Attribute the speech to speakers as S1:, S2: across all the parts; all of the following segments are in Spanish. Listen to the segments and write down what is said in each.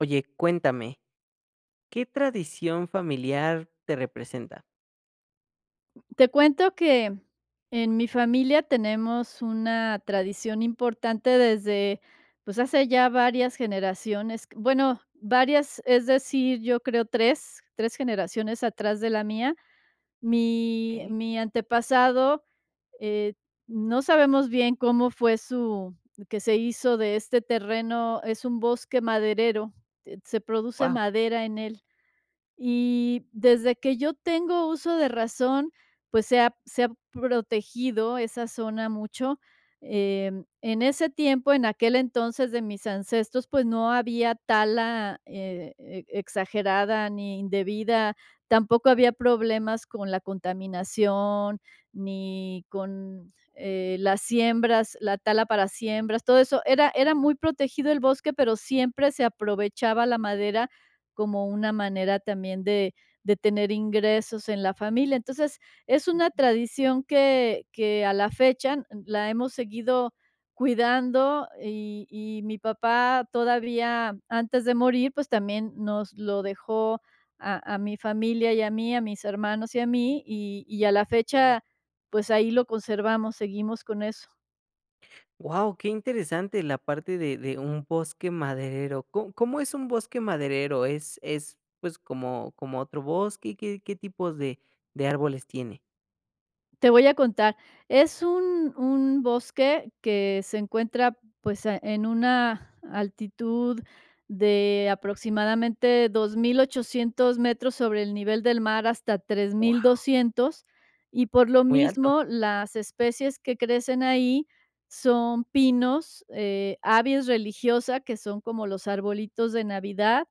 S1: Oye, cuéntame, ¿qué tradición familiar te representa?
S2: Te cuento que, en mi familia tenemos una tradición importante desde, pues hace ya varias generaciones q bueno, varias, es decir, yo creo 3, 3 generaciones atrás de la mía. Mi
S1: Okey.
S2: mi antepasado, eh, no sabemos bien cómo fue su que se hizo de este terreno, es un bosque maderero, eh, se produce
S1: Wao.
S2: madera en él. Y desde que yo tengo uso de razón, pues se ha se ha protegido esa zona mucho, em, en ese tiempo, en aquel entonces de mis ancestros, pues no había tala eh, e exagerada, ni indebida, tampoco había problemas con la contaminación, ni con, eh, las siembras, la tala para siembras, todo eso, era era muy protegido el bosque, pero siempre se aprovechaba la madera como una manera también de de tener ingresos en la familia. Entonces, es una
S1: Okey.
S2: tradición que que a la fecha n la hemos seguido cuidando, y y mi papá todavía antes de morir pues, también nos lo dejó a a mi familia y a mí, a mis hermanos y a mí, y y a la fecha, pues ahí lo conservamos, seguimos con eso.
S1: Wao, qué interesante la parte de de un bosque maderero. ¿Co cómo es un bosque maderero? ¿Es es pues, como como otro bosque? ¿Qué qué tipos de de árboles tiene?
S2: Te voy a contar, es un un bosque que se encuentra, pues, eh, en una altitud de aproximadamente, 2800 metros sobre el nivel del mar hasta tres mil
S1: Wao.
S2: doscientos, y por lo
S1: Muy alto.
S2: mismo las especies que crecen ahí son pinos, eh, Abies religiosa, que son como los arbolitos de Navidad,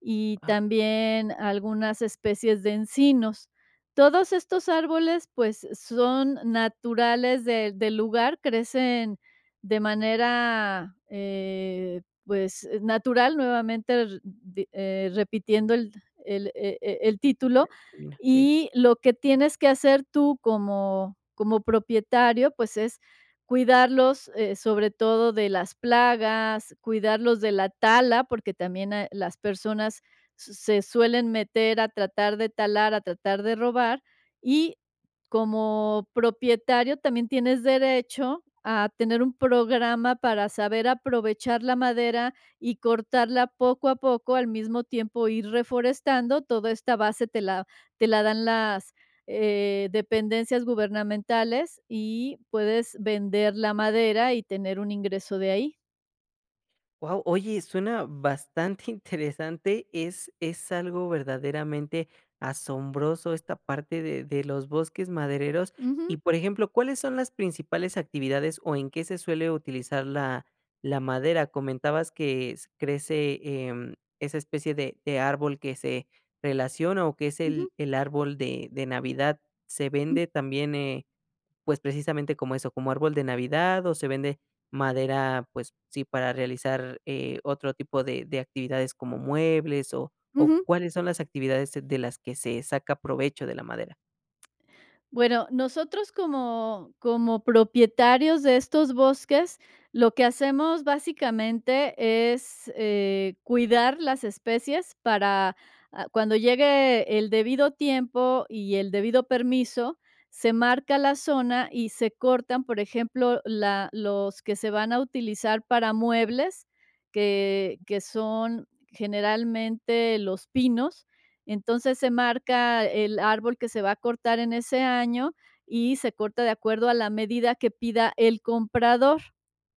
S2: y
S1: Wao.
S2: también algunas especies de encinos. Todos estos árboles, pues, son naturales de del lugar, crecen de manera, eh, pues, natural, nuevamente, r di eh, repitiendo el el, eh eh, el título,
S1: [unintelligible] Sí.
S2: y lo que tienes que hacer tú como como propietario, pues, es cuidarlos, eh, sobre todo de las plagas, cuidarlos de la tala, porque también, eh, las personas s se suelen meter a tratar de talar, a tratar de robar, y como propietario también tienes derecho a tener un programa para saber aprovechar la madera y cortarla poco a poco, al mismo tiempo ir reforestando, toda esta base te la te la dan las, eh, dependencias gubernamentales, y puedes vender la madera y tener un ingreso de ahí.
S1: Wao, oye suena bastante interesante. Es es algo verdaderamente asombroso esta parte de de los bosques madereros. Y
S2: Ujú.
S1: por ejemplo, ¿cuáles son las principales actividades, o en qué se suele utilizar la la madera? Comentabas que s crece, em, esa especie de de árbol que se relaciona o que es el
S2: Ujú.
S1: el árbol de de Navidad, ¿se vende también, eh, pues, precisamente como eso, como árbol de Navidad, o se vende madera, pues sí, para realizar, eh, otro tipo de de actividades como muebles? O o,
S2: Ujú.
S1: ¿cuáles son las actividades de las que se saca provecho de la madera?
S2: Bueno, nosotros como como propietarios de estos bosques, lo que hacemos básicamente es, eh, cuidar las especies para, ah, cuando llegue el debido tiempo y el debido permiso, se marca la zona y se cortan, por ejemplo, la los que se van a utilizar para muebles, que que son generalmente los pinos. Entonces, se marca el árbol que se va a cortar en ese año, y se corta de acuerdo a la medida que pida el comprador.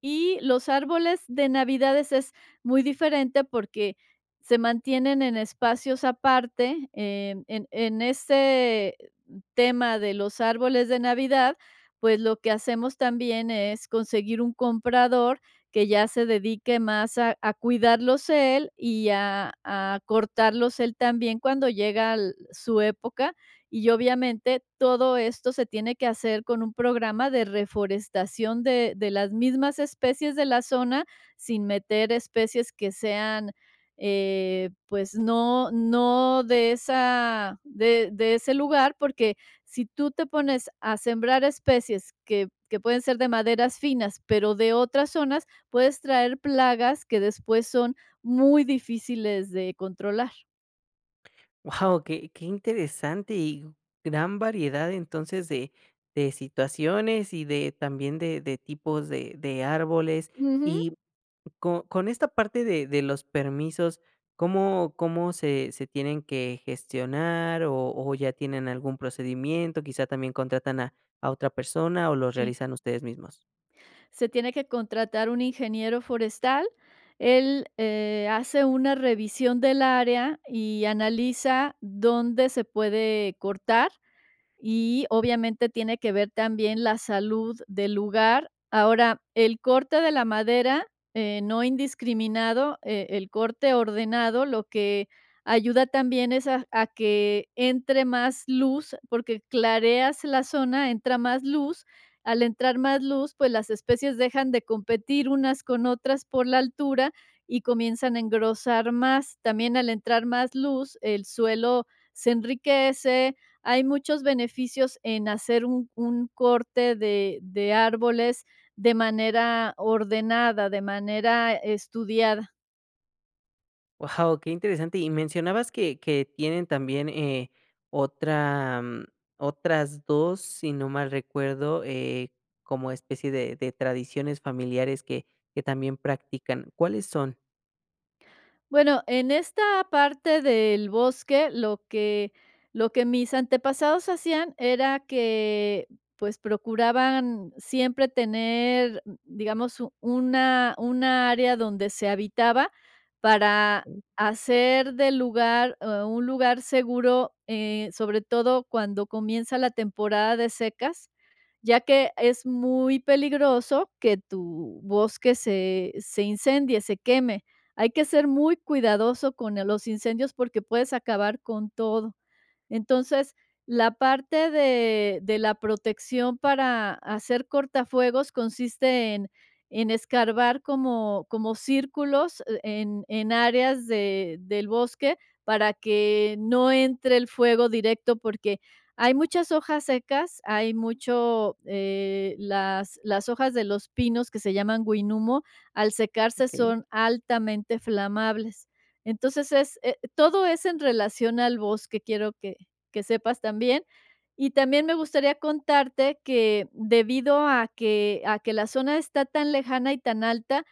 S2: Y los árboles de Navidad es es muy diferente porque se mantienen en espacios aparte, em, en en ese tema de los árboles de Navidad, pues, lo que hacemos también es conseguir un comprador que ya se dedique más a a cuidarlos él, y, a a cortarlos él también cuando llega al su época. Y obviamente todo esto se tiene que hacer con un programa de reforestación de de las mismas especies de la zona, sin meter especies que sean, eh, pues, no no de esa de de ese lugar. Porque si tú te pones a sembrar especies que que pueden ser de maderas finas, pero de otras zonas, puedes traer plagas que después son muy difíciles de controlar.
S1: Wao, qué qué interesante y gran variedad, entonces, de de situaciones y de también de de tipos de de árboles
S2: Ujú.
S1: y co con esta parte de de los permisos, ¿cómo cómo se se tienen que gestionar o o ya tienen algún procedimiento? ¿Quizá también contratan a a otra persona o los
S2: Sí.
S1: realizan ustedes mismos?
S2: Se tiene que contratar un ingeniero forestal, él, eh, hace una revisión del área y analiza dónde se puede cortar, y, obviamente, tiene que ver también la salud del lugar. Ahora, el corte de la madera, eh, no indiscriminado, eh, el corte ordenado, lo que ayuda también es a a que entre más luz, porque clareas la zona, entra más luz, al entrar más luz, pues, las especies dejan de competir unas con otras por la altura y comienzan a engrosar más. También, al entrar más luz, el suelo se enriquece, hay muchos beneficios en hacer un un corte de de árboles de manera ordenada, de manera estudiada.
S1: Wao, qué interesante. Y mencionabas que que tienen también, eh, otra, mm, otras 2, si no mal recuerdo, eh, como especie de de tradiciones familiares que que también practican. ¿Cuáles son?
S2: Bueno, en esta parte del bosque, lo que lo que mis antepasados hacían era que, pues, procuraban siempre tener, digamos, una una área donde se habitaba para hacer del lugar un lugar seguro, eh, sobre todo cuando comienza la temporada de secas, ya que es muy peligroso que tu bosque se se incendie, se queme. Hay que ser muy cuidadoso con eh, los incendios porque puedes acabar con todo. Entonces, la parte de de la protección para hacer cortafuegos consiste en en escarbar como como círculos, e en en áreas de del bosque para que no entre el fuego directo, porque hay muchas hojas secas, hay mucho, eh, las las hojas de los pinos que se llaman huinumo, al secarse
S1: Ok.
S2: son altamente flamables. Entonces, es, eh, todo es en relación al bosque, quiero que que sepas también, y también me gustaría contarte que, debido a que a que la zona está tan lejana y tan alta,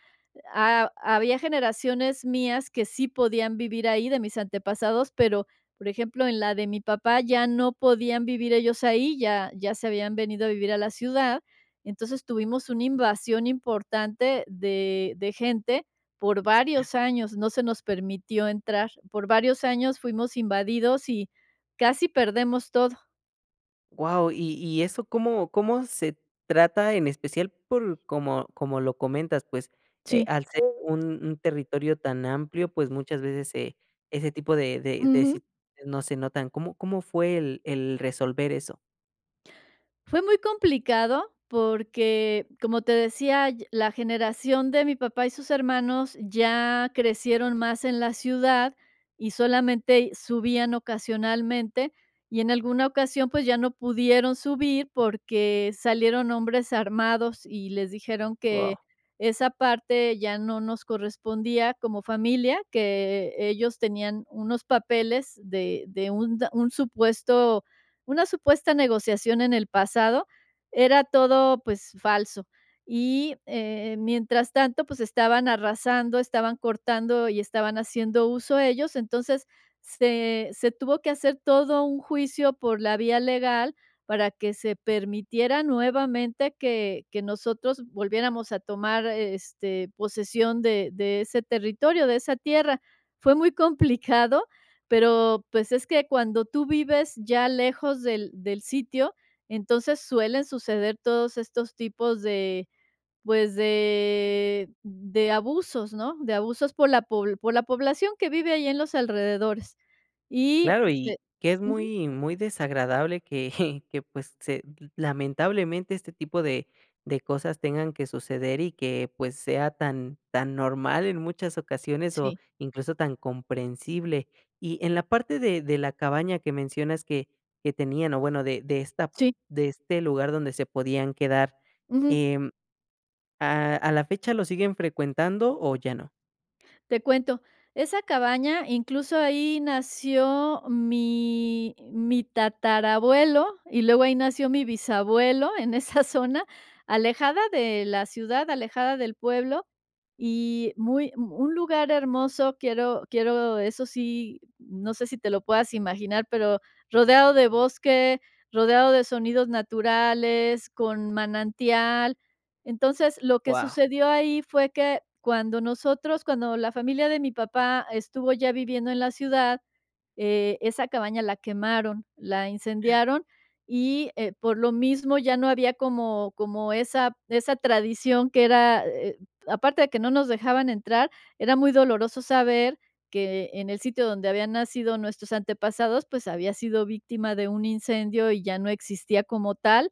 S2: ha había generaciones mías que sí podían vivir ahí, de mis antepasados, pero, por ejemplo, en la de mi papá ya no podían vivir ellos ahí, ya ya se habían venido a vivir a la ciudad. Entonces, tuvimos una invasión importante de de gente por varios años, no se nos permitió entrar. Por varios años fuimos invadidos y casi perdemos todo.
S1: Wao, y y eso, ¿cómo cómo se trata? En especial por como como lo comentas pues, eh,
S2: Sí.
S1: al ser un un territorio tan amplio, pues muchas veces se ese tipo de de de
S2: Ujú.
S1: situaciones no se notan. ¿Cómo cómo fue el el resolver eso?
S2: Fue muy complicado porque, como te decía, la generación de mi papá y sus hermanos ya crecieron más en la ciudad, y solamente subían ocasionalmente, y en alguna ocasión, pues, ya no pudieron subir porque salieron hombres armados, y les dijeron
S1: Wao.
S2: que esa parte ya no nos correspondía como familia, que ellos tenían unos papeles de de, un un supuesto una supuesta negociación en el pasado. Era todo, pues, falso, y, eh, mientras tanto, pues, estaban arrasando, estaban cortando y estaban haciendo uso ellos. Entonces, se se tuvo que hacer todo un juicio por la vía legal, para que se permitiera nuevamente que que nosotros volviéramos a tomar, este, posesión de de ese territorio, de esa tierra. Fue muy complicado, pero pues, es que cuando tú vives ya lejos del del sitio, entonces suelen suceder todos estos tipos de, pues, de de abusos, ¿no? De abusos por la pob por la población que vive ahí en los alrededores. Y
S1: Claro, y
S2: este,
S1: que es
S2: ujú
S1: muy muy desagradable, que que pues se lamentablemente este tipo de de cosas tengan que suceder, y que, pues, sea tan tan normal en muchas ocasiones, o,
S2: Sí.
S1: incluso, tan comprensible. Y en la parte de de la cabaña que mencionas que que tenían. O bueno, de de esta
S2: Sí.
S1: de este lugar donde se podían quedar,
S2: Ujú.
S1: em, ¿a a la fecha lo siguen frecuentando?, ¿o ya no?
S2: Te cuento, esa cabaña, incluso, ahí nació mi mi tatarabuelo, y luego ahí nació mi bisabuelo en esa zona, alejada de la ciudad, alejada del pueblo, y muy un lugar hermoso. Quiero quiero, eso sí, no sé si te lo puedas imaginar pero, rodeado de bosque, rodeado de sonidos naturales, con manantial. Entonces, lo que
S1: Wao.
S2: sucedió ahí fue que cuando nosotros, cuando la familia de mi papá estuvo ya viviendo en la ciudad, eh, esa cabaña la quemaron, la incendiaron. Y, eh, por lo mismo ya no había como como esa esa tradición que era eh. Aparte de que no nos dejaban entrar, era muy doloroso saber que en el sitio donde habían nacido nuestros antepasados, pues, había sido víctima de un incendio, y ya no existía como tal.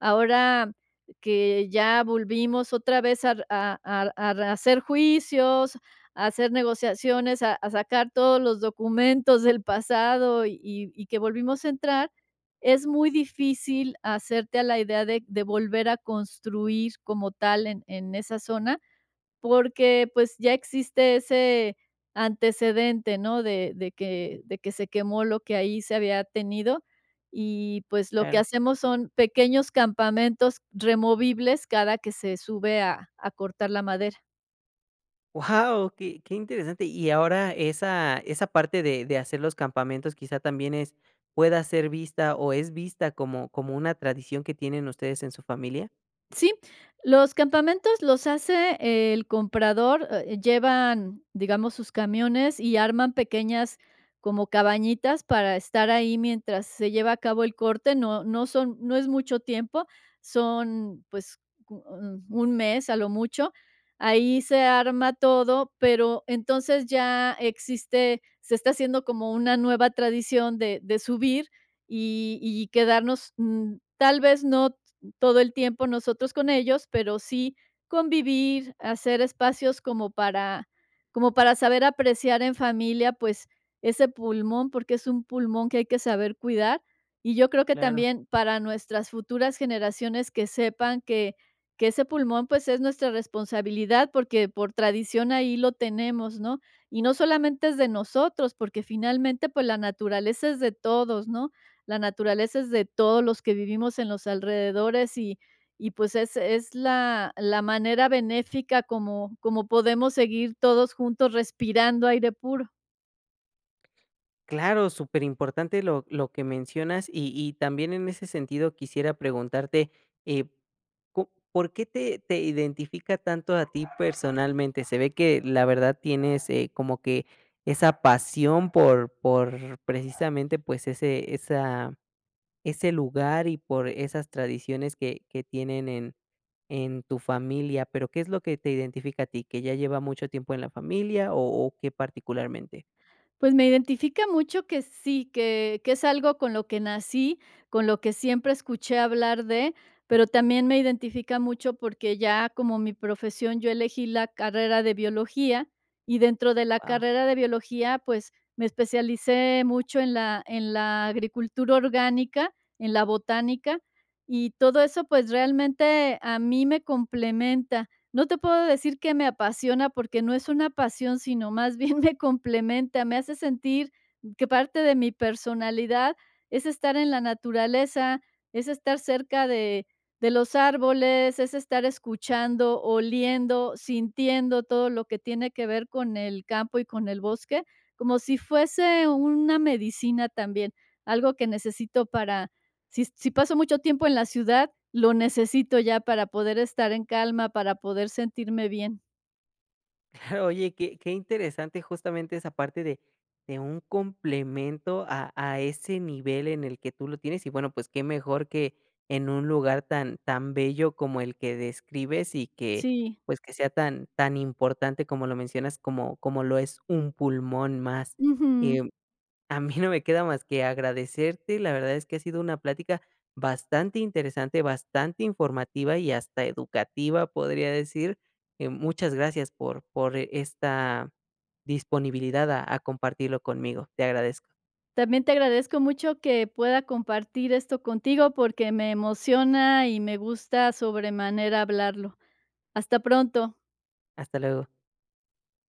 S2: Ahora que ya volvimos otra vez a, r a a a rehacer juicios, a hacer negociaciones, a a sacar todos los documentos del pasado, y y y que volvimos a entrar, es muy difícil hacerte a la idea de de volver a construir como tal en en esa zona, porque, pues, ya existe ese antecedente, ¿no? De de que de que se quemó lo que ahí se había tenido. Y, pues, lo que
S1: Claro.
S2: hacemos son pequeños campamentos removibles cada que se sube a a cortar la madera.
S1: Wao, qué qué interesante. Y ahora esa esa parte de de hacer los campamentos, quizá, ¿también es pueda ser vista, o, es vista como como una tradición que tienen ustedes en su familia?
S2: Sí. Los campamentos los hace el comprador, eh, llevan, digamos, sus camiones y arman pequeñas como cabañitas para estar ahí mientras se lleva a cabo el corte. No no son no es mucho tiempo. Son, pues, co 1 mes a lo mucho. Ahí se arma todo, pero, entonces ya existe, se está haciendo como una nueva tradición de de subir, y y quedarnos, mm, tal vez no todo el tiempo nosotros con ellos, pero sí convivir, hacer espacios como para como para saber apreciar en familia, pues, ese pulmón, porque es un pulmón que hay que saber cuidar. Y yo creo que
S1: Claro.
S2: también para nuestras futuras generaciones, que sepan que que ese pulmón, pues, es nuestra responsabilidad, porque por tradición ahí lo tenemos, ¿no? Y no solamente es de nosotros, porque finalmente, pues, la naturaleza es de todos, ¿no? La naturaleza es de todos los que vivimos en los alrededores. Y y, pues, es es la la manera benéfica como como podemos seguir todos juntos respirando aire puro.
S1: ¡Claro!, superimportante lo lo que mencionas y y también en ese sentido quisiera preguntarte, eh, co ¿por qué te te identifica tanto a ti personalmente?, se ve que, la verdad, tienes, eh, como que esa pasión por por precisamente, pues ese esa, ese lugar y por esas tradiciones que que tienen en en tu familia, pero ¿qué es lo que te identifica a ti? ¿Que ya lleva mucho tiempo en la familia o o qué particularmente?
S2: Pues me identifica mucho que sí, que que es algo con lo que nací, con lo que siempre escuché hablar de, pero también me identifica mucho porque ya como mi profesión, yo elegí la carrera de biología y dentro de la
S1: Wao.
S2: carrera de biología, pues, me especialicé mucho en la en la agricultura orgánica, en la botánica, y todo eso, pues, realmente a mí me complementa, no te puedo decir que me apasiona porque no es una pasión, sino más bien me complementa, me hace sentir que parte de mi personalidad es estar en la naturaleza, es estar cerca de de los árboles, es estar escuchando, oliendo, sintiendo todo lo que tiene que ver con el campo y con el bosque, como si fuese una medicina también, algo que necesito para si si paso mucho tiempo en la ciudad, lo necesito ya para poder estar en calma, para poder sentirme bien.
S1: Claro, oye, qué qué interesante justamente esa parte de de un complemento a a ese nivel en el que tú lo tienes y bueno pues que mejor que en un lugar tan tan bello como el que describes y que
S2: Sí.
S1: pues que sea tan tan importante como lo mencionas, como como lo es un pulmón más,
S2: Ujú.
S1: em, a mí no me queda más que agradecerte, la verdad es que ha sido una plática bastante interesante, bastante informativa y hasta educativa podría decir, eh, muchas gracias por por esta disponibilidad a a compartirlo conmigo, te agradezco.
S2: También te agradezco mucho que pueda compartir esto contigo porque me emociona y me gusta sobremanera hablarlo. Hasta pronto.
S1: Hasta luego.